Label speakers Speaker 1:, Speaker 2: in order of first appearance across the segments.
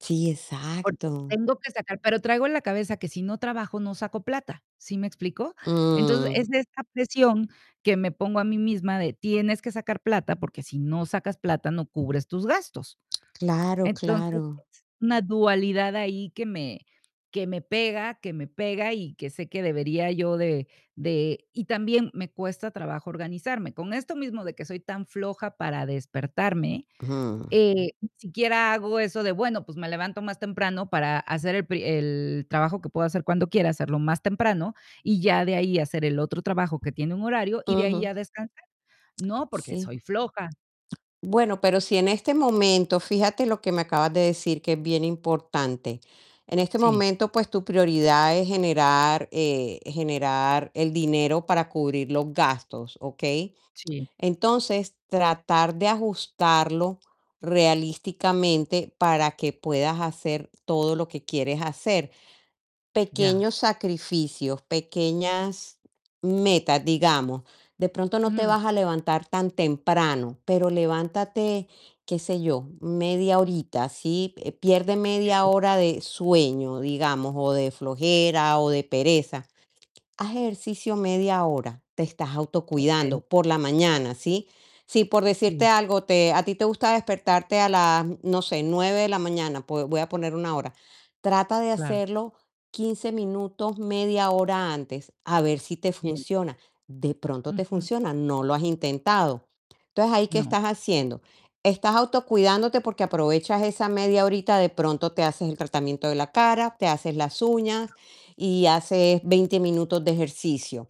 Speaker 1: Sí,
Speaker 2: Porque
Speaker 1: exacto.
Speaker 2: tengo que sacar pero traigo en la cabeza que si no trabajo no saco plata, ¿sí me explico? Entonces,
Speaker 1: Mm.
Speaker 2: es de esta presión que me pongo a mí misma de: "Tienes que sacar plata, porque si no sacas plata no cubres tus gastos".
Speaker 1: Claro,
Speaker 2: Entonces,
Speaker 1: claro.
Speaker 2: es una dualidad ahí que me que me pega que me pega y que sé que debería yo de de y también me cuesta trabajo organizarme. Con esto mismo de que soy tan floja para despertarme,
Speaker 1: Ujú.
Speaker 2: eh, ni siquiera hago eso de: "Bueno, pues, me levanto más temprano para hacer el pri el trabajo que puedo hacer cuando quiera, hacerlo más temprano y ya de ahí hacer el otro trabajo que tiene un horario y de ahí
Speaker 1: Ujú.
Speaker 2: ya descansar". No, porque
Speaker 1: Sí.
Speaker 2: soy floja.
Speaker 1: Bueno, pero si en este momento, fíjate lo que me acabas de decir, que es bien importante. En este
Speaker 2: Sí.
Speaker 1: momento, pues, tu prioridad es generar, eh, generar el dinero para cubrir los gastos, ¿okey?
Speaker 2: Sí.
Speaker 1: Entonces, tratar de ajustarlo realísticamente para que puedas hacer todo lo que quieres hacer.
Speaker 2: Ya.
Speaker 1: Pequeños sacrificios, pequeñas metas, digamos, de pronto no te
Speaker 2: Ujú.
Speaker 1: vas a levantar tan temprano, pero levántate, qué sé yo, media horita, ¿sí? Pierde media
Speaker 2: [unintelligible]
Speaker 1: hora de sueño, digamos, o de flojera o de pereza. Haz ejercicio media hora, te estás
Speaker 2: Okey.
Speaker 1: autocuidando por la mañana, ¿sí? Si por decirte
Speaker 2: Sí.
Speaker 1: algo, te a ti te gusta despertarte a las, no sé, 9 de la mañana, pues, voy a poner 1 hora. Trata de
Speaker 2: Claro.
Speaker 1: hacerlo 15 minutos, media hora antes, a ver si te
Speaker 2: Bien.
Speaker 1: funciona. De pronto te
Speaker 2: Ujú.
Speaker 1: funciona, no lo has intentado, entonces, ahí, ¿qué
Speaker 2: No.
Speaker 1: estás haciendo? Estás autocuidándote porque aprovechas esa media horita, de pronto te haces el tratamiento de la cara, te haces las uñas y haces 20 minutos de ejercicio.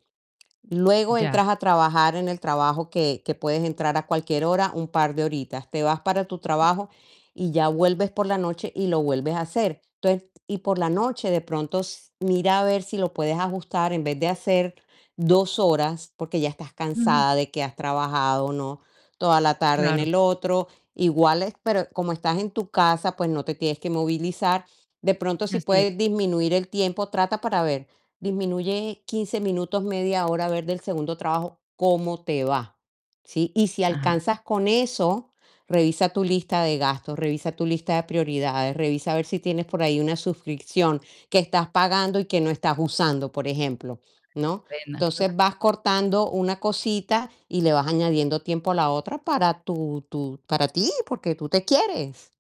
Speaker 1: Luego
Speaker 2: Ya.
Speaker 1: entras a trabajar en el trabajo que que puedes entrar a cualquier hora, un par de horitas. Te vas para tu trabajo y ya vuelves por la noche y lo vuelves a hacer. Entonces, y por la noche, de pronto, s mira a ver si lo puedes ajustar en vez de hacer 2 horas, porque ya estás
Speaker 2: Ujú.
Speaker 1: cansada de que has trabajado, ¿no? Toda la tarde en
Speaker 2: Claro.
Speaker 1: el otro. Igual es pero como estás en tu casa, pues, no te tienes que movilizar. De pronto, si
Speaker 2: Así es.
Speaker 1: puede disminuir el tiempo, trata para ver. Disminuye 15 minutos, media hora, a ver del segundo trabajo cómo te va, ¿sí? Y si
Speaker 2: Ajá.
Speaker 1: alcanzas con eso, revisa tu lista de gastos, revisa tu lista de prioridades, revisa a ver si tienes por ahí una suscripción que estás pagando y que no estás usando, por ejemplo, ¿no?
Speaker 2: Pena.
Speaker 1: Entonces,
Speaker 2: Claro.
Speaker 1: vas cortando una cosita y le vas añadiendo tiempo a la otra, para tu tu para ti, porque tú te quieres.